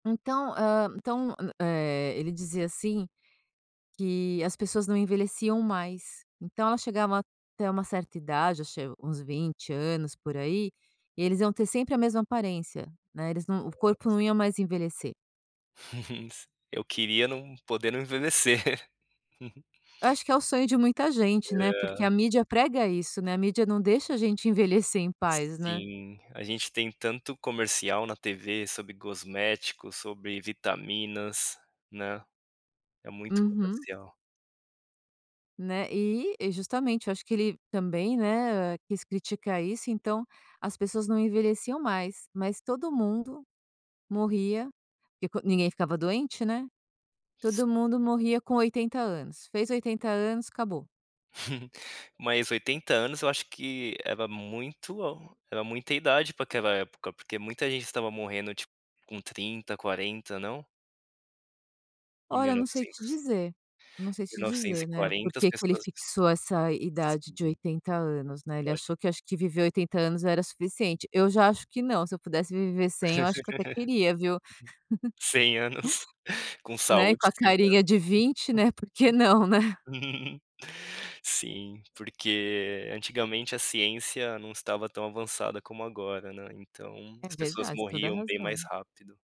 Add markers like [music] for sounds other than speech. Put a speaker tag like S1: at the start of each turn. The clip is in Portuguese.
S1: Então, hã então, m eh, ele dizia, assim, que as pessoas não envelheciam mais. Então, elas chegavam até uma certa idade, acho é uns 20 anos, por aí, e eles iam ter sempre a mesma aparência, né, eles não o corpo
S2: Nossa.
S1: não ia mais envelhecer.
S2: [chuckles] S eu queria não poder não envelhecer. [chuckles]
S1: Eu acho que é o sonho de muita gente, né, porque a
S2: É.
S1: mídia prega isso, né, a mídia não deixa a gente envelhecer em paz, né?
S2: Sim, a gente tem tanto comercial na TV sobre cosméticos, sobre vitaminas, né, é muito
S1: Uhum.
S2: comercial.
S1: Né, eh, e justamente eu acho que ele também, né, quis criticar isso, então, as pessoas não envelheciam mais, mas todo mundo morria, tipo, ninguém ficava doente, né,
S2: Si
S1: todo mundo morria com 80 anos, fez 80 anos, acabou.
S2: [chuckles] Mas 80 anos eu acho que era muito era muita idade pra aquela época, porque muita gente estava morrendo tipo com 30, 40, não? Em
S1: Olha,
S2: mil
S1: eu
S2: e
S1: não sei te
S2: novecentos.
S1: dizer, eu não sei
S2: mil
S1: te
S2: novecentos e
S1: dizer, né,
S2: quarenta as
S1: porque que ele
S2: pessoas
S1: fixou essa idade de
S2: Sim.
S1: 80 anos, né. Ele
S2: Eu acho
S1: achou que, acho que viver 80 anos era suficiente. Eu já acho que não, se eu pudesse viver
S2: [laughs]
S1: 100,
S2: Uhum.
S1: eu acho que eu até queria, viu. [chuckles]
S2: Cem anos, com
S1: Né, e
S2: saúde
S1: com a
S2: sim, né.
S1: carinha de 20, né, porque não, né?
S2: [laughs] Sim, porque antigamente a ciência não estava tão avançada como agora, né, então,
S1: É
S2: as pessoas
S1: verdade, tem toda
S2: morriam bem mais
S1: razão.
S2: rápido.